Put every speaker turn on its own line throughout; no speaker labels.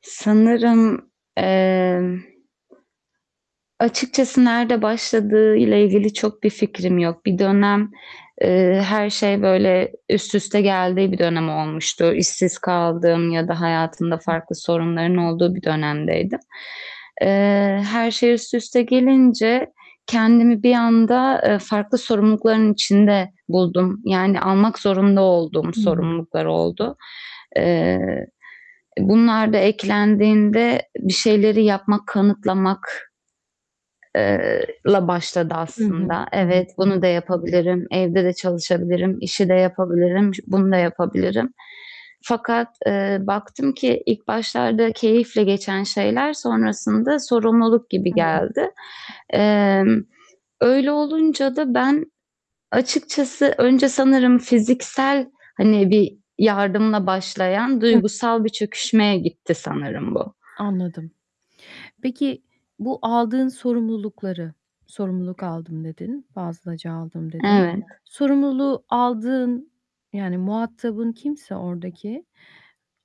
Sanırım, emm. Açıkçası nerede başladığıyla ilgili çok bir fikrim yok. Bir
[unintelligible]
dönem, eee, her şey böyle üst üste geldiği bir dönem olmuştu. İşsiz kaldığım ya da hayatımda
[unintelligible]
farklı sorunların olduğu bir dönemdeydim. Eee, her şey üst üste gelince kendimi bir anda, eee, farklı sorumlulukların içinde buldum. Yani almak zorunda olduğum
Hı hı.
sorumluluklar oldu. E, bunlar da eklendiğinde bir şeyleri yapmak, kanıtlamak eee, la başladı
Hı hı,
aslında.
hı hı.
Evet, bunu da yapabilirim. Evde de çalışabilirim. İşi de yapabilirim. Şu bunu da yapabilirim fakat, eee, baktım ki ilk başlarda keyifle geçen şeyler sonrasında sorumluluk gibi geldi.
[unintelligible]
Emm, öyle olunca da ben açıkçası önce sanırım fiziksel hani bir yardımla başlayan
[unintelligible]
duygusal bir çöküşmeye gitti sanırım bu.
Anladım. Peki bu aldığın sorumlulukları "Sorumluluk aldım." dedin, fazlaca aldım dedin.
Evet.
Sorumluluğu aldığın yani muhatabın kimse oradaki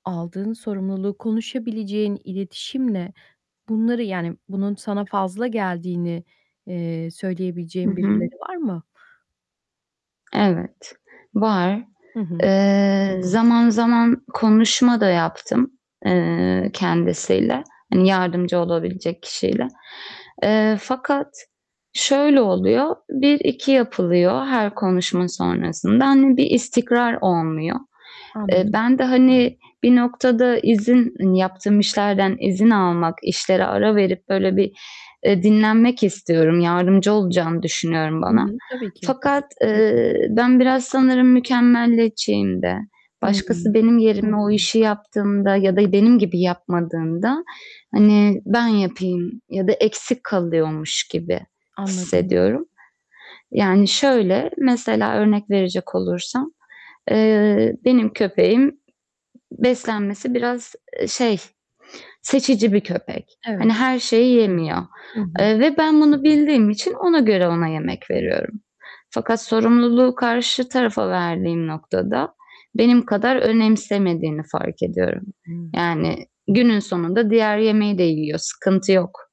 aldığın sorumluluğu konuşabileceğin iletişimle bunları yani bunun sana fazla geldiğini, eee,
Hı
söyleyebileceğin
hı.
birileri var mı?
Evet, var.
Hı hı.
Eee, zaman zaman konuşma da yaptım, eee,
[unintelligible]
kendisiyle, hani yardımcı olabilecek kişiyle. Eee, fakat
Ş
şöyle oluyor. 1-2 yapılıyor her konuşma sonrasında. Hani bir istikrar olmuyor. Eee,
Anladım.
ben de hani bir noktada izin yaptığım işlerden izin almak, işlere ara verip böyle bir, eee, dinlenmek istiyorum. Yardımcı olacağını düşünüyorum
Hı
bana
hı, tabii ki.
fakat, eee, ben biraz sanırım mükemmeliyetçiyimde.
Hımm.
Başkası benim yerime o işi yaptığında ya da benim gibi yapmadığında hani ben yapayım ya da eksik kalıyormuş gibi
Anladım.
hissediyorum. Yani şöyle, mesela örnek verecek olursam, eee, benim köpeğim beslenmesi biraz, ııı, şey, seçici bir köpek. Hani
Evet.
her şeyi yemiyor,
Hı hı.
eee, ve ben bunu bildiğim için ona göre ona yemek veriyorum fakat sorumluluğu karşı tarafa verdiğim noktada benim kadar önemsemediğini fark ediyorum.
Hı hı.
Yani günün sonunda diğer yemeği de yiyor, sıkıntı yok.